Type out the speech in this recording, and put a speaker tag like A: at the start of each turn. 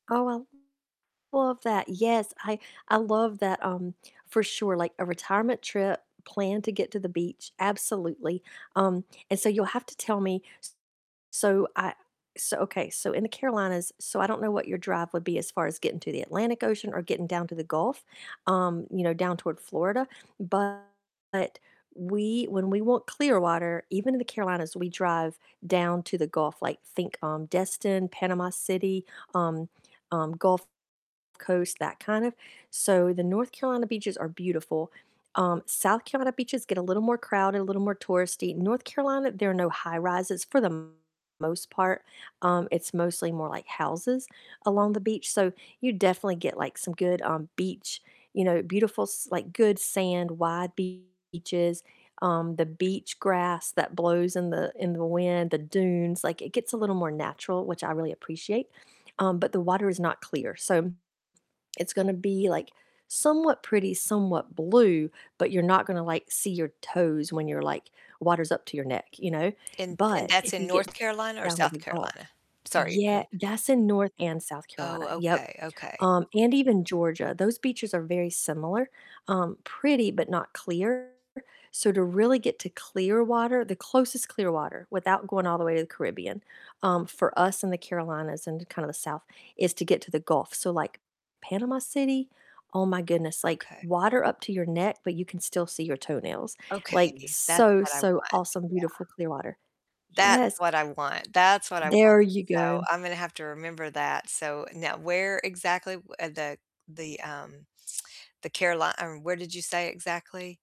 A: Oh, I love that, yes, I I love that, um, for sure, like a retirement trip planned to get to the beach, absolutely, um, and so you'll have to tell me, s so I so okay, so in the Carolinas, so, I don't know what your drive would be as far as getting to the Atlantic Ocean or getting down to the Gulf, um, you know, down toward Florida, but we when we want clear water, even in the Carolinas, we drive down to the Gulf, like, think, um, Destin, Panama City, um um, Gulf Coast, that kind of So the North Carolina beaches are beautiful, um, South Carolina beaches get a little more crowded, a little more touristy, North Carolina, there are no high-rises for the m most part, um, it's mostly more like houses along the beach, so you definitely get, like, some good, um, beach, you know, beautiful, s like, good sand, white beaches, um, the beach grass that blows in the in the wind, the dunes, like, it gets a little more natural, which I really appreciate, um, but the water is not clear, so it's gonna be, like, somewhat pretty, somewhat blue, but you're not gonna like see your toes when you're like water's up to your neck, you know,
B: And and
A: but
B: that's
A: if
B: in
A: you
B: North
A: get
B: Carolina or
A: down to
B: South
A: the Gulf
B: Carolina? Sorry, wh
A: yeah that's in North and South
B: Oh,
A: Carolina. Yep,
B: okay, okay.
A: um, and even Georgia, those beaches are very similar, um, pretty but not clear, so to really get to clear water the closest clear water without going all the way to the Caribbean, um, for us in the Carolinas and kinda the South, is to get to the Gulf, so, like, Panama City, oh my goodness, like
B: Okay.
A: water up to your neck, but you can still see your toenails, like,
B: Okay, that's
A: so,
B: what I
A: so
B: want,
A: awesome, beautiful
B: yeah.
A: clear water,
B: That's
A: yes.
B: what I want, that's what I want,
A: There you
B: so
A: go.
B: I'm gonna have to remember that, so, now where exactly, uh, the the, um the Caroli Um, where did you say exactly?